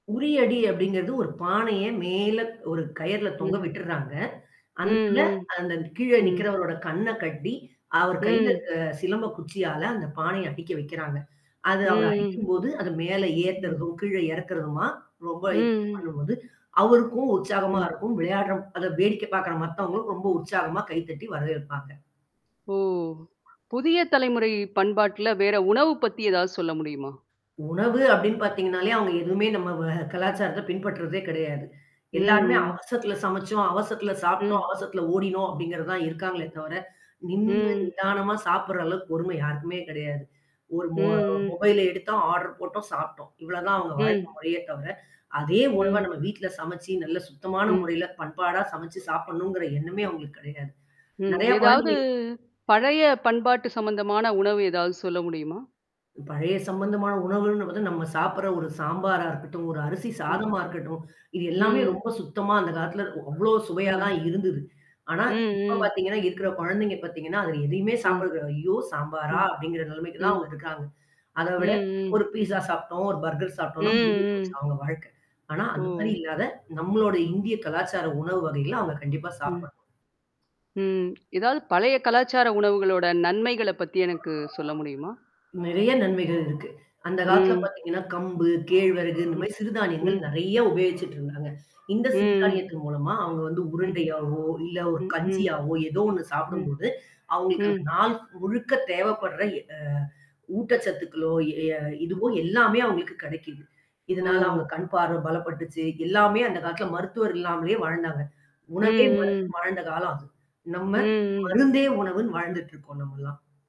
உரிய அடி அப்டிங்கிறது ஒரு பானைய மேல ஒரு கயர்ல தொங்க ம். விட்டுர்றாங்க. அந்ததுல ம், ம். அந்த கீழே ம். நிக்கிறவரோட கண்ண கட்டி, அவர் கையில ம். அ சிலம்ப குச்சியால அந்த பானைய அட்டிக்க வைக்கிறாங்க. அது அவர் ம். அடிக்கும்போது, அது மேல ம். ஏத்துறதும் கீழே இறக்கறதுமா? ரொம்ப இ ம், ம். பண்ணும்போது, அவருக்கும் உற்சாகமா ம். இருக்கும். விளையாடுற அத வேடிக்கை பார்கற மத்தவங்களும் ரொம்ப உற்சாகமா கைதட்டி வரவேற்பாங்க. ஓ! புதிய தலைமுறை பண்பாட்ல வேற உணவு பத்தி ஏதாவது சொல்ல முடியுமா? உணவு அப்டின்னு பார்த்தீங்கனாலே அவங்க எதுவுமே நம்ம வ கலாச்சாரத்த பின்பற்றுதே கிடையாது. ம், எல்லாருமே ம். அவசரத்துல சமைச்சோம், அவசரத்துல சாப்ட்டோம், ம். அவசரத்துல ஓடினோம் அப்டிங்கிறது தான் இருக்காங்களே தவர. நின்னு, ம். நிதானமா சாப்படுற அளவுக்கு பொறுமை யாருக்குமே கிடையாது. ஒரு மொ ம், ம். மொபைல எடுத்தோம் ஆர்டர் போட்டோம், சாப்ட்டோம். இவ்ளோதான் அவவுங்க வாழ்க்க ம். முறையே தவர. அதே உணவ ம். நம்ம வீட்ல சமைச்சு நல்ல சுத்தமான ம். முறையில பண்பாடா சமைச்சு சாப்பிடணுங்கிற எண்ணமே அங்களுக்கு கிடையாது. ம். நெறைய ஏதாவது, குழந்தைகளுக்கு பழைய பண்பாட்டு சம்மந்தமான உணவு ஏதாவது சொல்ல முடியுமா? பழைய சம்மந்தமான உணவுகள்ன்னு பார்த்த, நம்ம சாப்பிடுற ஒரு சாம்பாரா இருக்கட்டும், ஒரு அரிசி ம். சாதமா இருக்கட்டும், இது எல்லாமே ம். ரொம்ப சுத்தமா அந்த காலத்தில அவ்ளோ சுவையா ம். தான் இருந்தது. ஆனா ம், இப்ப ம். பார்த்தீங்கன்னா இருக்குற குழந்தைங்க பார்த்தீங்கன்னா, அதில எதையுமே ம். சாப்பிடுறதில்ல, ஐயோ! சாம்பாரா! ம். அப்டிங்கிற நெலைமைக்கு தான் அவங்க ம். இருக்காங்க. அத விட ம், ஒரு ம். பீஸா சாப்ட்டோம், ஒரு பர்கர் சாப்ட்டோம்னா முடிஞ்சு ம், ம். போச்சு அவங்க வாழ்க்க ஆனா, அந்த மாரி ஓ! இல்லாத நம்மளோட இந்திய கலாச்சார உணவு வகையில அவங்க கண்டிப்பா ம். சாப்பிடணும். ம். ஏதாவது பழைய கலாச்சார உணவுகளோட நன்மைகள பத்தி எனக்கு சொல்ல முடியுமா? நெறைய நன்மைகள் இருக்கு. அந்த காலத்தில ம். பார்த்தீங்கன்னா, கம்பு, கேழ்விறகு இந்த ம். மாதரி சிறு தானியங்கள் ம். நறைய உபயோகிச்சுட்டு இருந்தாங்க. இந்த சிறு ம். தானியத்தின் மூலமா அவங்க வந்து ம். உருண்டையாவோ இல்ல ஒரு ம், ம். கஞ்சியாவோ, ஏதோ ஒண்ணு ம். சாப்பிடும்போது, அவங்களுக்கு அந்த ம். நாள் முழுக்க தேவைப்படுற எ அ ஊட்டச்சத்துக்களோ, எ ம். இதுவோ எல்லாமே அவங்களுக்கு கிடைக்குது. இதனால ஓ! அவங்க கண் பார்வ பலப்பட்டுச்சு, எல்லாமே அந்த காலத்தில மருத்துவர் இல்லாமலேயே வாழ்ந்தாங்க. ம், உணவே ம். ம்ருந்துனு வாழ்ந்த காலம் அது. நம்ம ம், ம். மருந்தே உணவுன்னு வாழ்ந்துட்டு இருக்கோம் நம்மல்லாம்.